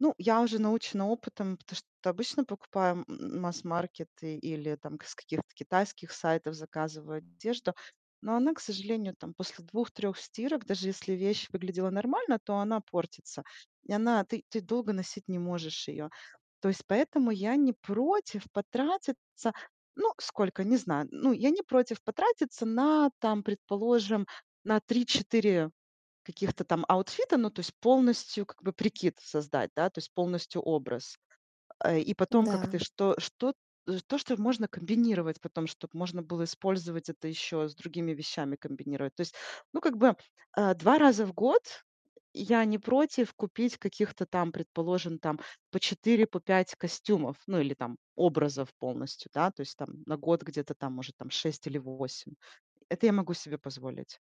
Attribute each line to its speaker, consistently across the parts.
Speaker 1: Ну, я уже научена опытом, потому что обычно покупаю м м массмаркет и или, там, к с каких-то китайских сайтов заказываю одежду, но она, к сожалению, там, после 2-3 стирок, даже если вещь выглядела нормально, то она портится, и она ты ты долго носить не можешь её. То есть поэтому я не против потратиться. Ну сколько? Не знаю. Ну я не против потратиться на там, предположим, на 3-4 каких-то там аутфита. Ну то есть полностью как бы прикид создать, да? То есть полностью образ. Э, и потом
Speaker 2: М-да.
Speaker 1: как-то что что э, то, что можно комбинировать потом, чтоб можно было использовать это ещё с другими вещами комбинировать. То есть, ну как бы, э, 2 раза в год, э, я не против купить каких-то там, предположим, там по 4, по 5 костюмов, ну или там образов полностью, да? То есть там на год где-то там, может там, 6 или 8. Это я могу себе позволить.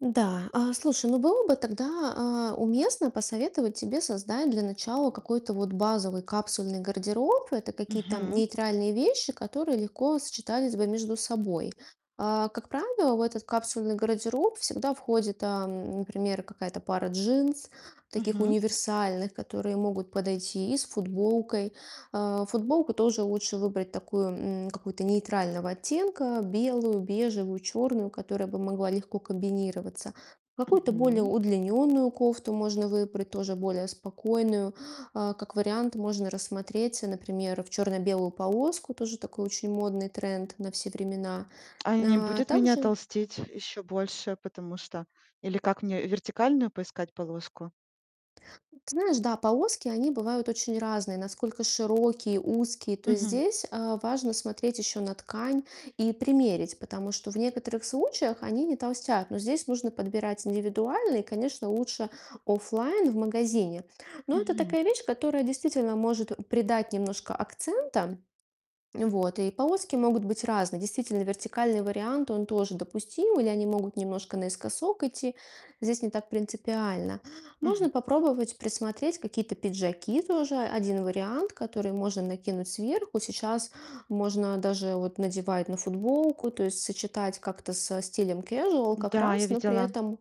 Speaker 2: Да. А, слушай, ну, было бы тогда, а, уместно посоветовать тебе создать для начала какой-то вот базовый капсульный гардероб. Это какие-то
Speaker 1: Мгм.
Speaker 2: нейтральные вещи, которые легко сочетались бы между собой. А, как правило, в этот капсульный гардероб всегда входит, а, м, например, какая-то пара джинс, таких
Speaker 1: Мгм.
Speaker 2: универсальных, которые могут подойти и с футболкой. А, футболку тоже лучше выбрать такую, м, какую-то нейтрального оттенка: белую, бежевую, чёрную, которая бы могла легко комбинироваться. Какую-то более
Speaker 1: Мгм.
Speaker 2: удлинённую кофту можно выбрать тоже более спокойную. А, как вариант, можно рассмотреть, например, в чёрно-белую полоску. Тоже такой очень модный тренд на все времена.
Speaker 1: А не
Speaker 2: Э,
Speaker 1: будет меня
Speaker 2: также
Speaker 1: толстить ещё больше, потому что Или как мне вертикальную поискать полоску?
Speaker 2: М, ты знаешь, да, полоски, они бывают очень разные, насколько широкие, узкие. То есть
Speaker 1: Мгм.
Speaker 2: здесь, а, важно смотреть ещё на ткань и примерить, потому что в некоторых случаях они не толстят, но здесь нужно подбирать индивидуально и, конечно, лучше оффлайн в магазине. Но это
Speaker 1: Мгм.
Speaker 2: такая вещь, которая действительно может придать немножко акцента. Вот. И полоски могут быть разные. Действительно, вертикальный вариант, он тоже допустим, или они могут немножко наискосок идти. Здесь не так принципиально. Можно
Speaker 1: Мгм.
Speaker 2: попробовать присмотреть какие-то пиджаки. Тоже 1 вариант, который можно накинуть сверху. Сейчас можно даже вот надевать на футболку. То есть сочетать как-то со стилем casual как
Speaker 1: Да, я
Speaker 2: раз, но при
Speaker 1: видела.
Speaker 2: этом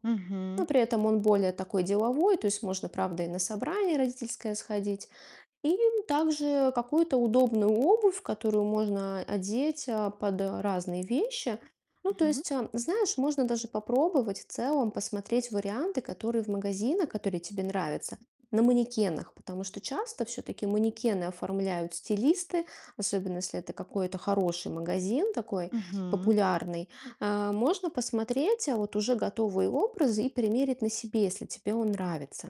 Speaker 2: но
Speaker 1: Мгм.
Speaker 2: при этом он более такой деловой. То есть можно, правда, и на собрание родительское сходить, и также какую-то удобную обувь, которую можно одеть, а, под разные вещи. Ну, то
Speaker 1: Мгм.
Speaker 2: есть, а, знаешь, можно даже попробовать в целом посмотреть варианты, которые в магазинах, которые тебе нравятся, на манекенах, потому что часто всё-таки манекены оформляют стилисты, особенно если это какой-то хороший магазин, такой
Speaker 1: Мгм.
Speaker 2: популярный. Э, можно посмотреть вот уже готовые образы и примерить на себе, если тебе он нравится.